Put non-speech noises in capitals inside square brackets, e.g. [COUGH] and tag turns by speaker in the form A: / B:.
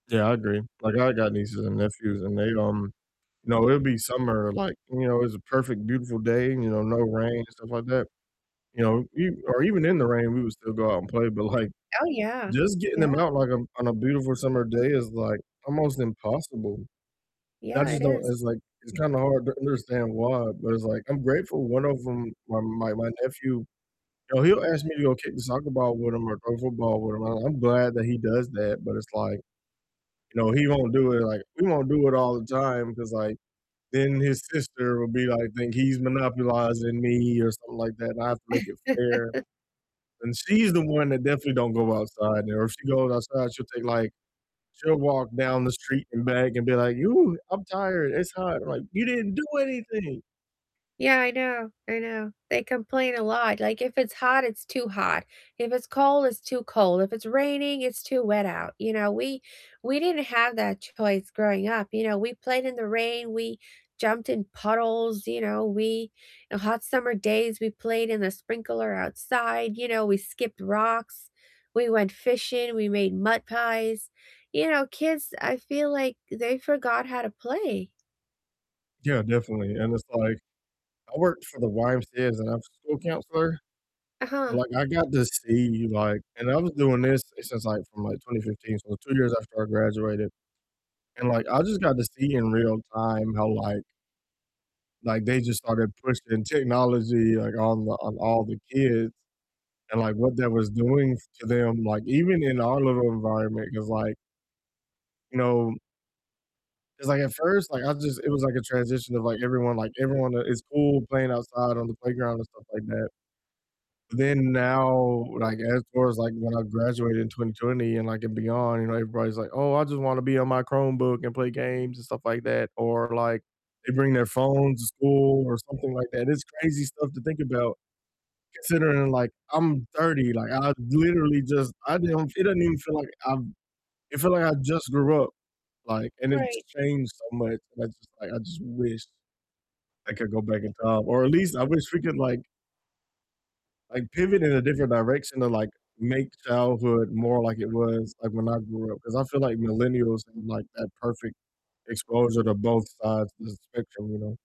A: Yeah, I agree, like I got nieces and nephews, and they, um you know, it'll be summer, like, you know, it's a perfect beautiful day, you know, no rain and stuff like that, you know, e or even in the rain we would still go out and play, but, like,
B: Oh, yeah,
A: just getting 'em
B: yeah.
A: out, like, on on a beautiful summer day is, like, almost impossible, and I
B: Yeah, it
A: just don't
B: is.
A: it's, like it's kinda hard to understand why, but it's, like I'm grateful one of ‘em, my my my nephew, you know, he'll ask me to go kick the soccer ball with him or throw a football with him, and I'm glad that he does that, but it's like, you know, he won't do it, like we won't do it all the time, 'cause, like, then his sister will be like think he's monopolizing me, or something like that, and I have to make it fair,
B: [CHUCKLES]
A: and she's the one that definitely don't go outside, and if she goes outside she'll take, like she'll walk down the street and back and be like, "Ooh, I'm tired, it's hot," I'm like, "You didn't do anything!"
B: Yeah, I know, I know, they complain a lot, like, if it's hot, it's too hot, if it's cold, it's too cold, if it's raining, it's too wet out, you know, we we didn't have that choice growing up, you know, we played in the rain, we jumped in puddles, you know, we on hot summer days, we played in the sprinkler outside, you know, we skipped rocks, we went fishing, we made mud pies, you know, kids, I feel like they forgot how to play.
A: Yeah, definitely, and it's like I worked for the YMCA as an after school counselor, so,
B: Uh-huh.
A: like, I got to see, like and I was doing this since, like, from, like, 2015, so 2 years after I graduated, and, like, I just got to see in real time how, like like, they just started pushing technology, like, on the on all the kids, and, like, what that was doing to them, like, even in our little environment, 'cause, like you know 'cause, like, at first, like, I just it was, like, a transition of, like, everyone, like, everyone, uh, in school playing outside on the playground and stuff like that, then now, like, as far as, like, when I graduated in 2020, and, like and beyond, you know, everybody's like, "Oh, I just wanna be on my Chromebook, and play games, and stuff like that," or, like, they bring their phones to school or something like that, it's crazy stuff to think about considering, like, I'm 30, like, I literally just I didn't fee it doesn't even feel like I've it feel like I just grew up, like, and it's
B: Right.
A: changed so much, and I just like, I just wish I could go back in time, or at least I wish we could, like like, pivot in a different direction to, like, make childhood more like it was, like, when I grew up, 'cause I feel like millennials had, like, that perfect exposure to both sides of the spectrum, you know?